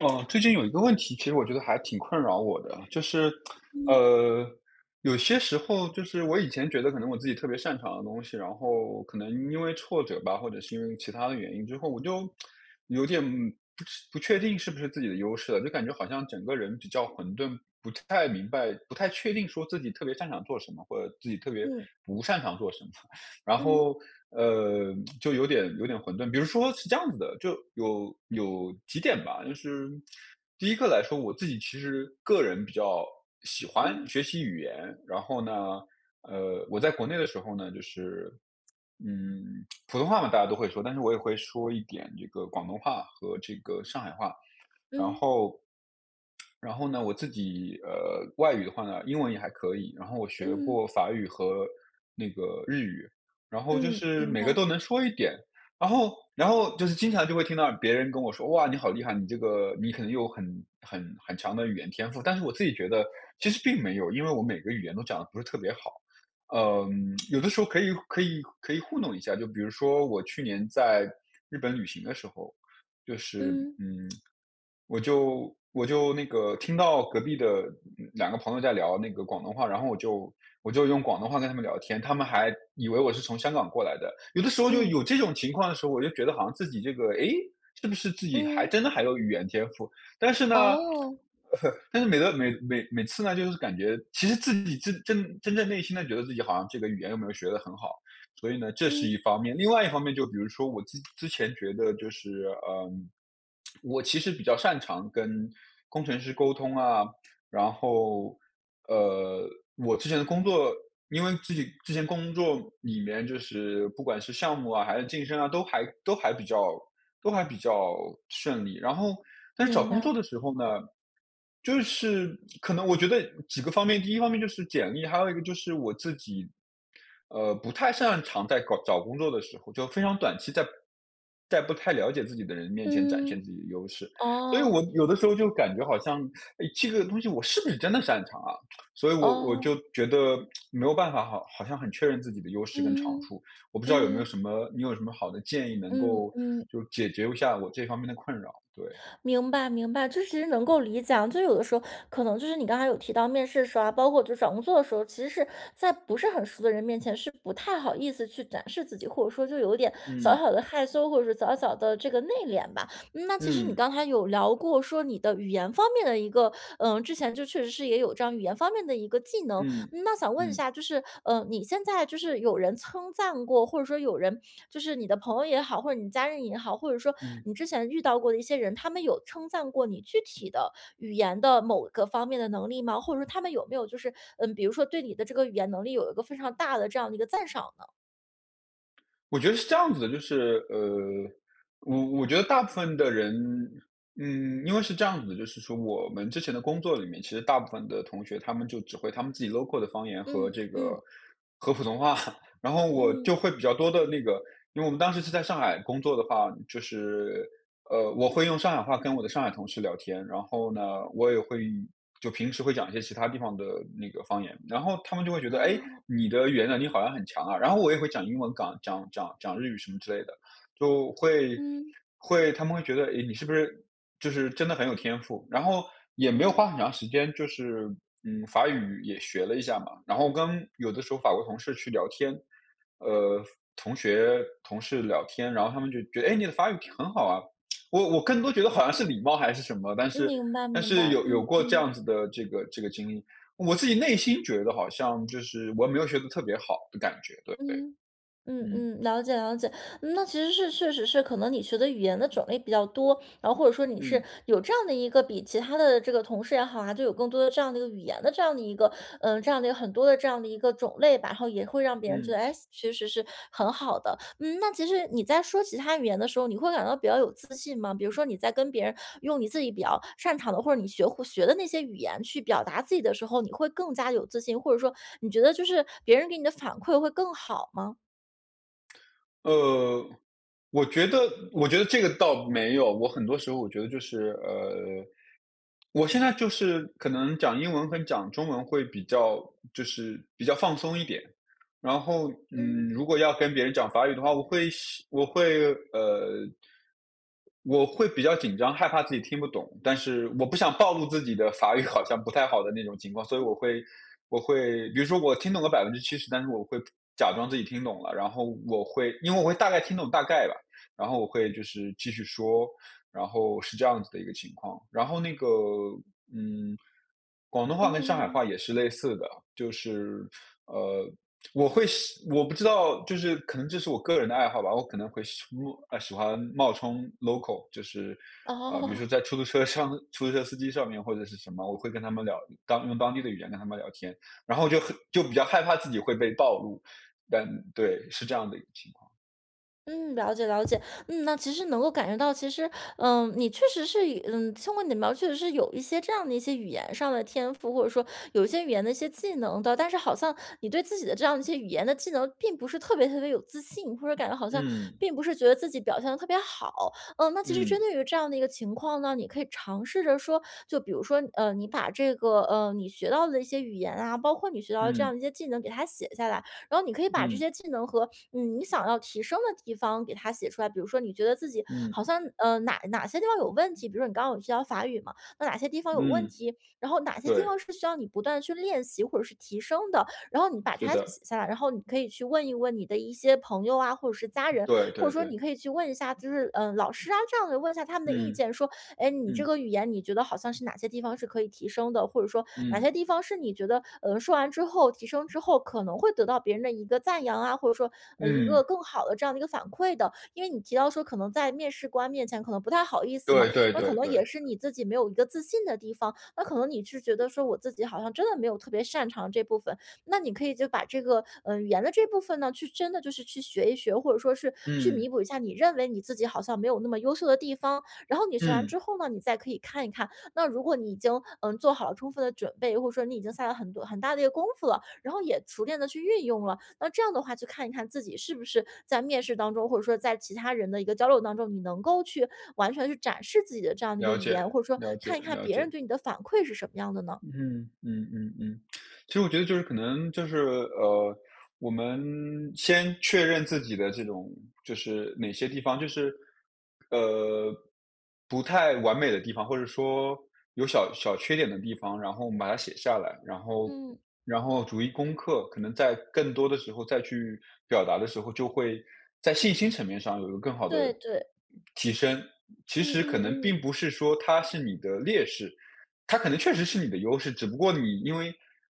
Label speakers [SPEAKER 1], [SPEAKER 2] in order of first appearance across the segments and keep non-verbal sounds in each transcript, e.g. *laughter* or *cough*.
[SPEAKER 1] 呃，最近有一个问题，其实我觉得还挺困扰我的，就是，*smacks lips*
[SPEAKER 2] 嗯。
[SPEAKER 1] 呃，有些时候就是我以前觉得可能我自己特别擅长的东西，然后可能因为挫折吧，或者是因为其它的原因之后我就 *smacks lips* 有点不知不确定是不是自己的优势了，就感觉好像整个人比较混沌，不太明白、不太确定说自己特别擅长做什么，或者自己特别
[SPEAKER 2] 嗯。
[SPEAKER 1] 不擅长做什么，然
[SPEAKER 2] 嗯。
[SPEAKER 1] 后，呃，就有点有点混沌。比如说是这样子的，就有有几点吧，就是第一个来说我自己其实个人比较喜欢
[SPEAKER 2] 嗯。
[SPEAKER 1] 学习语言，然后呢，呃，我在国内的时候呢，就是，嗯，普通话嘛大家都会说，但是我也会说一点这个广东话和这个上海话。然
[SPEAKER 2] 嗯。
[SPEAKER 1] 后然后呢我自己，呃，外语的话呢，英文也还可以，然后我学
[SPEAKER 2] 嗯。
[SPEAKER 1] 过法语和那个日语，然后就
[SPEAKER 2] 嗯，
[SPEAKER 1] 是
[SPEAKER 2] 明
[SPEAKER 1] 每个
[SPEAKER 2] 白。
[SPEAKER 1] 都能说一点。然后然后就是经常就会听到别人跟我说：“哇，你好厉害，你这个你可能有很很很强的语言天赋。”但是我自己觉得其实并没有，因为我每个语言都讲得不是特别好。呃，*smacks lips* 有的时候可以可以可以糊弄一下，就比如说我去年在日本旅行的时候，就是，
[SPEAKER 2] 嗯。
[SPEAKER 1] 嗯，*smacks lips* 我就我就那个听到隔壁的，嗯，两个朋友在聊那个广东话，然后我就我就用广东话跟他们聊天，他们还以为我是从香港过来的。有的时候就
[SPEAKER 2] 嗯。
[SPEAKER 1] 有这种情况的时候，我就觉得好像自己这个，诶，是不是自己还
[SPEAKER 2] 嗯。
[SPEAKER 1] 真的还有语言天赋。但是呢，
[SPEAKER 2] 哦。
[SPEAKER 1] *chuckles* 但是每个每每每次呢就是感觉其实自己真真真正内心呢，觉得自己好像这个语言又没有学得很好。所以呢，这是
[SPEAKER 2] 嗯。
[SPEAKER 1] 一方面，另外一方面就比如说我自己之前觉得就是，呃，*smacks lips* 我其实比较擅长跟工程师沟通啊，然后，呃，我之前的工作，因为自己之前工作里面就是不管是项目啊，还是晋升啊，都还都还比较都还比较顺利。然后，但是找
[SPEAKER 2] 明
[SPEAKER 1] 工作
[SPEAKER 2] 白。
[SPEAKER 1] 的时候呢，就是可能我觉得几个方面，第一方面就是简历，还有一个就是我自己，呃，不太擅长在搞找工作的时候，就非常短期在在不太了解自己的人面前展现
[SPEAKER 2] 嗯，
[SPEAKER 1] 自己的优势，所以我
[SPEAKER 2] 哦。
[SPEAKER 1] 有的时候就感觉好像，诶，这个东西我是不是真的擅长啊。所以我我
[SPEAKER 2] 哦。
[SPEAKER 1] 就觉得没有办法好好像很确认自己的优势跟长
[SPEAKER 2] 嗯，
[SPEAKER 1] 处，我不知道有没有
[SPEAKER 2] 嗯。
[SPEAKER 1] 什么你有什么好的建议能
[SPEAKER 2] 嗯
[SPEAKER 1] 够
[SPEAKER 2] 嗯。
[SPEAKER 1] 就是解决一下我这方面的困扰，对。
[SPEAKER 2] 明白明白，就是直接能够理解啊，就是有的时候可能就是你刚才有提到面试的时候啊，包括就是找工作的时候，其实是在不是很熟的人面前，是不太好意思去展示自己，或者说就有点小
[SPEAKER 1] 嗯。
[SPEAKER 2] 小地害羞，或者是小小地这个内敛吧。嗯，那其实你
[SPEAKER 1] 嗯。
[SPEAKER 2] 刚才有聊过说你的语言方面的一个，呃，之前就确实是也有这样语言方面的一个技能。
[SPEAKER 1] 嗯，
[SPEAKER 2] 嗯，那想问一
[SPEAKER 1] 嗯。
[SPEAKER 2] 下，就是，呃，你现在就是有人称赞过，或者说有人就是你的朋友也好，或者你家人也好，或者是说
[SPEAKER 1] 嗯。
[SPEAKER 2] 你之前遇到过的一些人，他们有称赞过你具体的语言的某个方面的能力吗？或者说他们有没有就是，嗯，比如说对你的这个语言能力有一个非常大的这样的一个赞赏呢？
[SPEAKER 1] 我觉得是这样子的，就是，呃，我我觉得大部分的人嗯，因为是这样子的，就是说我们之前的工作里面，其实大部分的同学他们就只会他们自己 local 的方言和
[SPEAKER 2] 嗯，
[SPEAKER 1] 这个
[SPEAKER 2] 嗯。
[SPEAKER 1] 和普通话。然后我
[SPEAKER 2] 嗯。
[SPEAKER 1] 就会比较多地那个因为我们当时是在上海工作的话，就是，呃，我会用上海话跟我的上海同事聊天，然后呢，我也会就平时会讲一些其它地方的那个方言。然后他们就会觉得：“诶，
[SPEAKER 2] 哦。
[SPEAKER 1] 你的语言能力好像很强啊！”然后我也会讲英文港讲讲讲日语什么之类的，就会
[SPEAKER 2] 嗯。
[SPEAKER 1] 会他们会觉得：“诶，你是不是就是真的很有天赋。”然后也没有
[SPEAKER 2] 哦。
[SPEAKER 1] 花很长时间就是嗯，法语也学了一下嘛，然后跟有的时候法国同事去聊天，呃，法同学、同事聊天，然后他们就觉得：“诶，你的法语挺很好啊！”我我更多觉得好像是礼貌还是什么，但
[SPEAKER 2] 嗯，
[SPEAKER 1] 是
[SPEAKER 2] 明白
[SPEAKER 1] 但
[SPEAKER 2] 明
[SPEAKER 1] 是
[SPEAKER 2] 白，
[SPEAKER 1] 有有
[SPEAKER 2] 嗯
[SPEAKER 1] 过这
[SPEAKER 2] 嗯。
[SPEAKER 1] 样子的这个这个经历。我自己内心觉得好像就是我也没有学得特别好的感觉，对对，
[SPEAKER 2] 嗯，嗯
[SPEAKER 1] 嗯。
[SPEAKER 2] 嗯，了解了解。那其实是，确实是可能你学的语言的种类比较多，然后或者说你是，
[SPEAKER 1] 嗯。
[SPEAKER 2] 有这样的一个比其他的这个同事也好啊，就有更多的这样的一个语言的这样的一个呃，这样的一个很多的这样的一个种类吧，然后也会让别人觉
[SPEAKER 1] 嗯。
[SPEAKER 2] 得，诶，其实是很好的。嗯，那其实你在说其它语言的时候，你会感到比较有自信吗？比如说你在跟别人用你自己比较擅长的，或者你学会学的那些语言去表达自己的时候，你会更加有自信，或者说你觉得就是别人给你的反馈会更好吗？
[SPEAKER 1] 呃，我觉得我觉得这个倒没有，我很多时候我觉得就是，呃，我现在就是可能讲英文跟讲中文会比较就是比较放松一点。然后，嗯，
[SPEAKER 2] 嗯。
[SPEAKER 1] 如果要跟别人讲法语的话，我会希我会，呃，我会比较紧张，害怕自己听不懂。但是我不想暴露自己的法语好像不太好的那种情况，所以我
[SPEAKER 2] 嗯。
[SPEAKER 1] 会我会比如说我听懂了70%但是我会假装自己听懂了，然后我会因为我会大概听懂大概吧，然后我会就是继续说，然后是这样子的一个情况。然后那个，嗯，广东
[SPEAKER 2] 嗯
[SPEAKER 1] 话跟上海话
[SPEAKER 2] 嗯。
[SPEAKER 1] 也是类似的，就是，呃，我会希我不知道，就是可能这是我个人的爱好吧，我可能会希初入呃，喜欢冒充 local，就是，呃，比如说
[SPEAKER 2] 哦。
[SPEAKER 1] 在出租车上出租车司机上面或者是什么，我会跟他们聊，当用当地的语言跟他们聊天，然后就很就比较害怕自己会被暴露，但对，是这样的一个情况。
[SPEAKER 2] 嗯，了解了解。嗯，那其实能够感觉到其实，呃，你确实是一嗯，通过你的描述，是有一些这样的一些语言上的天赋，或者说有一些语言的一些技能的，但是好像你对自己的这样的一些语言的技能并不是特别特别有自信，或者感觉好像
[SPEAKER 1] 嗯。
[SPEAKER 2] 并不是觉得自己表现得特别好。嗯，那其实
[SPEAKER 1] 嗯。
[SPEAKER 2] 针对于这样的一个情况呢，你可以尝试着说就比如说，嗯，你把这个，嗯，你学到的一些语言啊，包括你学到的这样
[SPEAKER 1] 嗯。
[SPEAKER 2] 的一些技能给它写下来，然后你可以把这
[SPEAKER 1] 嗯。
[SPEAKER 2] 些技能和，嗯，你想要提升的地方给它写出来，比如说你觉得自己
[SPEAKER 1] 嗯。
[SPEAKER 2] 好像，嗯，哪哪些地方有问题比如说你刚刚有提到法语嘛，那哪些地方有问
[SPEAKER 1] 嗯，
[SPEAKER 2] 题，然后哪些地
[SPEAKER 1] 对。
[SPEAKER 2] 方是需要你不断地去练习或者是提升的。然后你把
[SPEAKER 1] 是
[SPEAKER 2] 它就
[SPEAKER 1] 的。
[SPEAKER 2] 写下来，然后你可以去问一问你的一些朋友啊，或者是家人，
[SPEAKER 1] 对
[SPEAKER 2] 或者
[SPEAKER 1] 对
[SPEAKER 2] 说你
[SPEAKER 1] 对。
[SPEAKER 2] 可以去问一下，就是，嗯，老师啊这样子，问一下他们的意
[SPEAKER 1] 嗯，
[SPEAKER 2] 见，说，诶，你这
[SPEAKER 1] 嗯。
[SPEAKER 2] 个语言你觉得好像是哪些地方是可以提升的，或者说哪
[SPEAKER 1] 嗯。
[SPEAKER 2] 些地方是你觉得，嗯，说完之后、提升之后，可能会得到别人的一个赞扬啊，或者说，嗯，一个
[SPEAKER 1] 嗯。
[SPEAKER 2] 更好的这样的一个反馈的。因为你提到说可能在面试官面前可能不太好意思嘛，
[SPEAKER 1] 对对
[SPEAKER 2] 那可
[SPEAKER 1] 对
[SPEAKER 2] 能也
[SPEAKER 1] 对。
[SPEAKER 2] 是你自己没有一个自信的地方，那可能你是觉得说我自己好像真的没有特别擅长的这部分，那你可以就把这个，嗯，语言的这部分呢去，真的就是去学一学，或者说是去
[SPEAKER 1] 嗯。
[SPEAKER 2] 弥补一下你认为你自己好像没有那么优秀的地方。然后你学完
[SPEAKER 1] 嗯。
[SPEAKER 2] 之后呢，你再可以看一看那如果你已经，嗯，做好了充分的准备，或者说你已经下了很多很大的一个功夫了，然后也熟练地去运用了，那这样的话就看一看自己是不是在面试当中，或者说在其他人的一个交流当中，你能够去完全地去展示自己的这样的一个
[SPEAKER 1] 了
[SPEAKER 2] 语
[SPEAKER 1] 解
[SPEAKER 2] 言，或者说
[SPEAKER 1] 了解
[SPEAKER 2] 看一看
[SPEAKER 1] 了
[SPEAKER 2] 别人
[SPEAKER 1] 解。
[SPEAKER 2] 对你的反馈是什么样的呢？
[SPEAKER 1] 嗯嗯嗯嗯。*tsk* 其实我觉得就是可能就是，呃，我们先确认自己的这种，就是哪些地方就是，呃，不太完美的地方，或者说有小小缺点的地方，然后我们把它写下来，然后
[SPEAKER 2] 嗯。
[SPEAKER 1] 然后逐一攻克。可能在更多的时候再去表达的时候，就会在信心层面上有一个更好的，呃，
[SPEAKER 2] 对对。
[SPEAKER 1] 提升。其
[SPEAKER 2] 嗯
[SPEAKER 1] 实可能
[SPEAKER 2] 嗯嗯。
[SPEAKER 1] 并不是说它是你的劣势它可能确实是你的优势，只不过你因为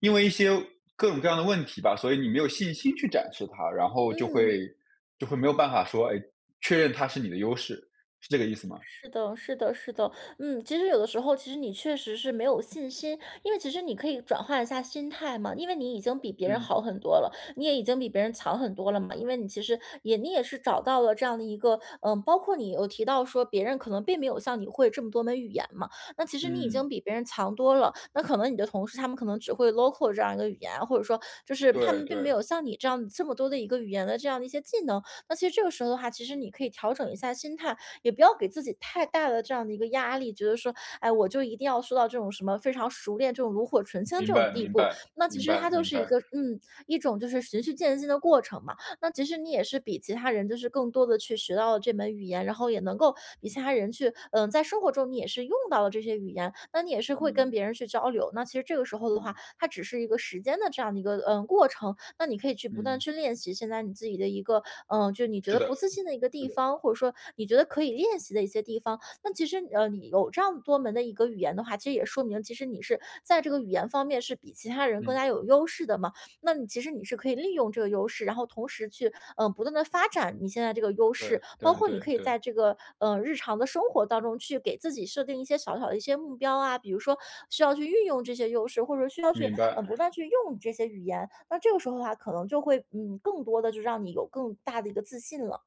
[SPEAKER 1] 因为一些各种各样的问题吧，所以你没有信心去展示它，然后就
[SPEAKER 2] 嗯。
[SPEAKER 1] 会就会没有办法说，诶，确认它是你的优势，是这个意思吗？
[SPEAKER 2] 是的是的是的，嗯，其实有的时候其实你确实是没有信心，因为其实你可以转换一下心态嘛，因为你已经比别人
[SPEAKER 1] 嗯。
[SPEAKER 2] 好很多了，你也已经比别人强很多了嘛。因为你其实也你也是找到了这样的一个嗯，包括你有提到说别人可能并没有像你会这么多门语言嘛，那其实你已
[SPEAKER 1] 嗯。
[SPEAKER 2] 经比别人强多了，那可能你的同事他们可能只会 local 这样一个语言，或者是说就是他
[SPEAKER 1] 对
[SPEAKER 2] 们并没
[SPEAKER 1] 对。
[SPEAKER 2] 有像你这样子这么多的一个语言的这样的一些技能。那其实这个时候的话，其实你可以调整一下心态，也不要给自己太大的这样的一个压力，觉得说，哎，我就一定要说到这种什么非常熟练，这种炉火纯青
[SPEAKER 1] 明
[SPEAKER 2] 这种
[SPEAKER 1] 白
[SPEAKER 2] 地
[SPEAKER 1] 明
[SPEAKER 2] 步。
[SPEAKER 1] 白
[SPEAKER 2] 那其
[SPEAKER 1] 明
[SPEAKER 2] 实
[SPEAKER 1] 白
[SPEAKER 2] 它就
[SPEAKER 1] 明
[SPEAKER 2] 是一
[SPEAKER 1] 白。
[SPEAKER 2] 个嗯，一种就是循序渐进的过程嘛，那其实你也是比其他人就是更多地去学到了这门语言，然后也能够比其他人去嗯，在生活中你也是用到了这些语言，那你也是会跟
[SPEAKER 1] 嗯。
[SPEAKER 2] 别人去交流。那其实这个时候的话，
[SPEAKER 1] 嗯。
[SPEAKER 2] 它只是一个时间的这样的一个，嗯，过程，那你可以去不断地
[SPEAKER 1] 嗯。
[SPEAKER 2] 去练习现在你自己的一个嗯，就你觉
[SPEAKER 1] 是
[SPEAKER 2] 得
[SPEAKER 1] 的，
[SPEAKER 2] 不自信的一个
[SPEAKER 1] 是
[SPEAKER 2] 地
[SPEAKER 1] 的。
[SPEAKER 2] 方，或者说你觉得可以练习的一些地方。那其实，呃，你有这样多门的一个语言的话，其实也说明其实你是在这个语言方面是比其他人更
[SPEAKER 1] 嗯。
[SPEAKER 2] 加有优势的嘛，那你其实你是可以利用这个优势，然后同时去，呃，不断地发展你现在这个优
[SPEAKER 1] 对
[SPEAKER 2] 势。包
[SPEAKER 1] 对
[SPEAKER 2] 括你
[SPEAKER 1] 对
[SPEAKER 2] 可以
[SPEAKER 1] 对。
[SPEAKER 2] 在这个，嗯，日常的生活当中去给自己设定一些小小的一些目标啊，比如说需要去运用这些优势，或者说需要去，
[SPEAKER 1] 明白。
[SPEAKER 2] 嗯，不断去用这些语言，那这个时候的话，可能就会，嗯，更多地就让你有更大的一个自信了。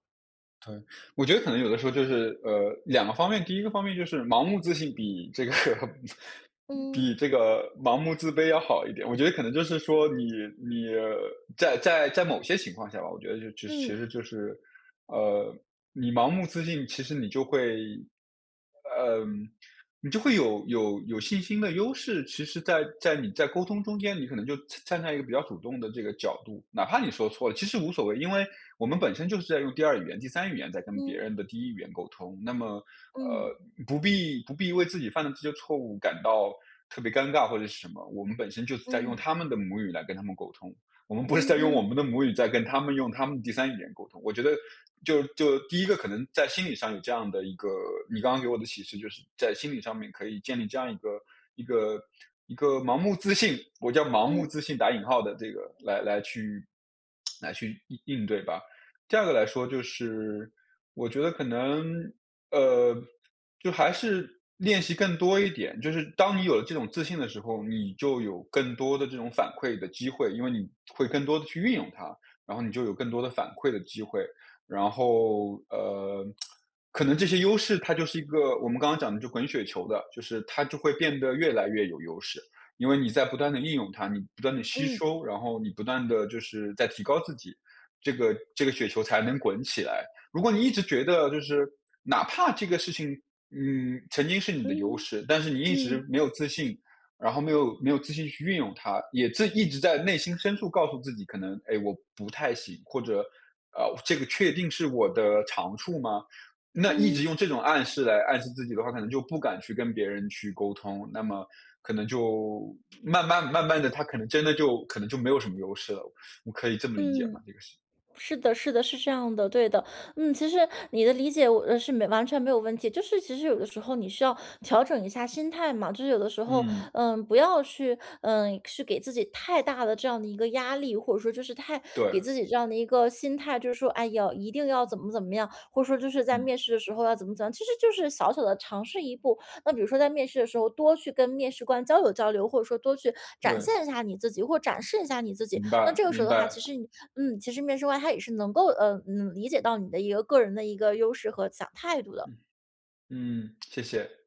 [SPEAKER 1] 可能我觉得可能有的时候就是，呃，两个方面。第一个方面就是盲目自信比这个 *chuckles*
[SPEAKER 2] 嗯。
[SPEAKER 1] 比这个盲目自卑要好一点，我觉得可能就是说你，你在在在某些情况下吧，我觉得就是其
[SPEAKER 2] 嗯。
[SPEAKER 1] 实就是，呃，你盲目自信其实你就会呃，你就会有有有信心的优势，其实在在你在沟通中间，你可能就站在一个比较主动的这个角度，哪怕你说错了。其实无所谓，因为，我们本身就是在用第二语言，第三语言在跟别
[SPEAKER 2] 嗯。
[SPEAKER 1] 人的第一语言沟通，那么，
[SPEAKER 2] 嗯。
[SPEAKER 1] 呃，不必不必为自己犯的这些错误感到，特别尴尬或者是什么。我们本身就是在用
[SPEAKER 2] 嗯。
[SPEAKER 1] 他们的母语来跟他们沟通，我们不是
[SPEAKER 2] 嗯
[SPEAKER 1] 在用我
[SPEAKER 2] 嗯。
[SPEAKER 1] 们的母语在跟他们用他们的第三语言沟通。我觉得就就第一个可能在心理上有这样的一个你刚刚给我的启示，就是在心理上面可以建立这样一个一个 *smacks lips* 一个盲目自信，我叫“盲目
[SPEAKER 2] 嗯。
[SPEAKER 1] 自信”打引号的这个来来去 *tsk* 来去应应对吧。第二个来说就是，我觉得可能，呃，就还是练习更多一点，就是当你有了这种自信的时候，你就有更多的这种反馈的机会，因为，你会更多地去运用它，然后你就有更多的反馈的机会，然后，呃，*tsk* 可能这些优势它就是一个我们刚刚讲的就滚雪球的，就是它就会变得越来越有优势。因为你在不断地应用它，你不断地吸
[SPEAKER 2] 嗯。
[SPEAKER 1] 收、然后你不断地就是在提高自己、这个这个雪球才能滚起来。如果你一直觉得就是，哪怕这个事情，嗯，曾经是你的优
[SPEAKER 2] 嗯。
[SPEAKER 1] 势，但是你一直
[SPEAKER 2] 嗯。
[SPEAKER 1] 没有自信，然后没有没有自信去运用它，也自一直在内心深处告诉自己：“可能，哎我不太行”，或者，“呃，这个确定是我的长处吗？”那一直
[SPEAKER 2] 嗯。
[SPEAKER 1] 用这种暗示来暗示自己的话，可能就不敢去跟别人去沟通，那么可能就，慢慢慢慢地它可能真的就可能就没有什么优势了，我可以这么理解
[SPEAKER 2] 嗯，
[SPEAKER 1] 吗？这个是。
[SPEAKER 2] 是的是的，是这样的，对的。嗯，其实你的理解我是完全没有问题，就是其实有的时候你需要，调整一下心态嘛。就是有的时候，
[SPEAKER 1] 嗯。
[SPEAKER 2] 呃，不要去呃，去给自己太大的这样的一个压力，或者说就是太给
[SPEAKER 1] 对。
[SPEAKER 2] 自己这样的一个心态，就说：“哎呀，一定要怎么怎么样”，或者说，“就是在
[SPEAKER 1] 嗯。
[SPEAKER 2] 面试的时候要怎么怎么样”。其实就是小小的尝试一步，那比如说在面试的时候多去跟面试官交流交流，或者说多去展
[SPEAKER 1] 对。
[SPEAKER 2] 现一下你自己，或展示一下你自己。
[SPEAKER 1] 明
[SPEAKER 2] 那
[SPEAKER 1] 白
[SPEAKER 2] 这个时
[SPEAKER 1] 明
[SPEAKER 2] 候的话，其
[SPEAKER 1] 白。
[SPEAKER 2] 实，嗯，其实面试官他也是能够，呃，嗯，理解到你的一个个人的一个优势和思想态度的。
[SPEAKER 1] 嗯，谢谢。